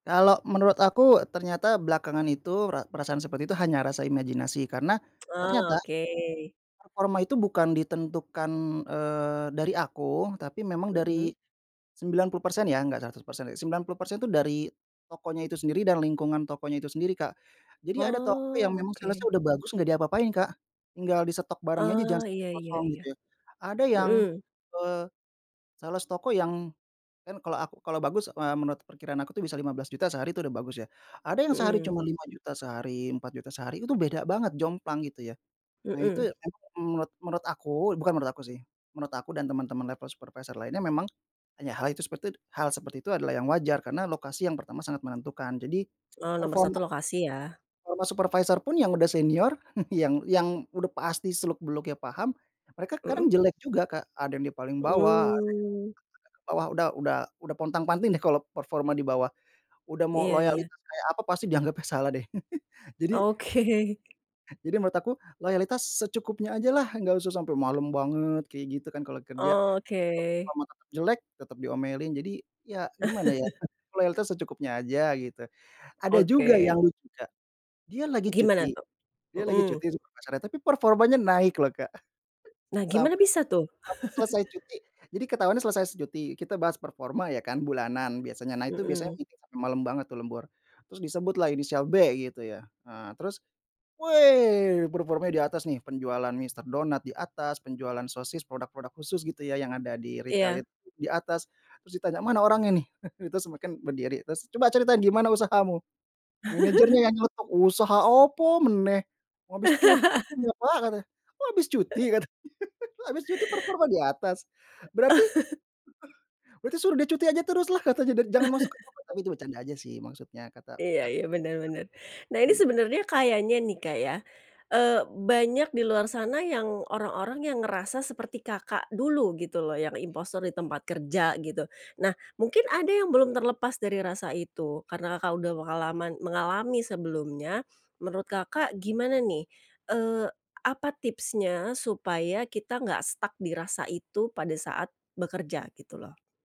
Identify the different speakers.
Speaker 1: Kalo menurut aku ternyata belakangan itu ra perasaan seperti itu hanya rasa imajinasi, karena
Speaker 2: Ah,
Speaker 1: ternyata
Speaker 2: oke.
Speaker 1: performa itu bukan ditentukan, eee, dari aku tapi memang
Speaker 2: Heeh.
Speaker 1: dari 90% ya, nggak 100%. 90% itu dari tokonya itu sendiri dan lingkungan tokonya itu sendiri Kak. Jadi ada toko yang
Speaker 2: Oh,
Speaker 1: memang sales-nya
Speaker 2: oke.
Speaker 1: udah bagus nggak diapa-apain Kak, tinggal di stok barangnya aja jangan
Speaker 2: Oh,
Speaker 1: sampai
Speaker 2: iya iya
Speaker 1: kosong
Speaker 2: iya.
Speaker 1: gitu ya. Ada yang,
Speaker 2: Heeh.
Speaker 1: eee, sales toko yang kan kalau aku kalau bagus, eee, menurut perkiraan aku tuh bisa Rp15.000.000 sehari itu udah bagus ya, ada yang sehari
Speaker 2: Heeh.
Speaker 1: cuman Rp5.000.000 sehari, Rp4.000.000 sehari, itu beda banget, jomplang gitu ya. Nah itu
Speaker 2: Heeh.
Speaker 1: emang menurut menurut aku bukan menurut aku sih, menurut aku dan teman-teman level supervisor lainnya, memang hanya hal itu seperti itu hal seperti itu adalah yang wajar karena lokasi yang pertama sangat menentukan, jadi
Speaker 2: Oh, nomor
Speaker 1: performa
Speaker 2: 1 lokasi ya.
Speaker 1: performa supervisor pun yang udah senior yang yang udah pasti seluk beluknya paham, mereka kadang
Speaker 2: Heeh.
Speaker 1: jelek juga Kak, ada yang di paling bawah, ada
Speaker 2: Mmm.
Speaker 1: yang [unintelligible] bawah udah udah udah pontang-panting deh kalau performa di bawah, udah mau
Speaker 2: Iya iya.
Speaker 1: loyalitas kayak apa pasti dianggapnya salah deh. Jadi
Speaker 2: Oke.
Speaker 1: jadi menurut aku, loyalitas secukupnya aja lah, nggak usah sampai malem banget kayak gitu kan kalau kerja.
Speaker 2: Oh,
Speaker 1: Cuma
Speaker 2: oke.
Speaker 1: performa tetap jelek, tetap diomelin jadi ya gimana ya loyalitas secukupnya aja gitu. Ada juga
Speaker 2: Oke.
Speaker 1: yang lucu Kak, dia lagi
Speaker 2: Gimana
Speaker 1: cuti
Speaker 2: tuh?
Speaker 1: dia lagi cuti
Speaker 2: Mhm.
Speaker 1: sama pacarnya tapi performanya naik loh Kak,
Speaker 2: Nah gimana
Speaker 1: sampai
Speaker 2: bisa tuh?
Speaker 1: sampai selesai cuti jadi ketauannya selesai s cuti, kita bahas performa ya kan bulanan biasanya, nah itu biasanya
Speaker 2: Heeh.
Speaker 1: meeting sampai malam banget tuh lembur, terus disebut lah inisial B gitu ya, eee, terus, weh! Performanya di atas nih, penjualan Mr. Donut di atas, penjualan sosis produk-produk khusus gitu ya yang ada di retail
Speaker 2: Iya.
Speaker 1: itu di atas, terus ditanya, "Mana orangnya nih? Itu semua kan berdiri terus, "Coba ceritain gimana usahamu?" Manajernya yang nyeletuk, "Usaha opo meneh? Habis cuti dia pak," katanya. "Wah habis cuti," katanya, "habis cuti performa di atas. Berarti berarti suruh dia cuti aja terus lah," katanya, "dan jangan masuk ke toko." Tapi itu bercanda aja sih maksudnya kata
Speaker 2: Iya
Speaker 1: kat
Speaker 2: iya, bener bener. Nah
Speaker 1: oh
Speaker 2: ini
Speaker 1: nggak
Speaker 2: sebenernya kayanya nih Kak ya, eee, banyak di luar sana yang orang-orang yang ngerasa seperti Kakak dulu gitu loh yang impostor di tempat kerja, gitu. Nah mungkin ada yang belum terlepas dari rasa itu karena Kakak udah mengalaman mengalami sebelumnya, menurut Kakak gimana nih, eee, apa tipsnya supaya kita nggak stuck di rasa itu pada saat bekerja, gitu loh?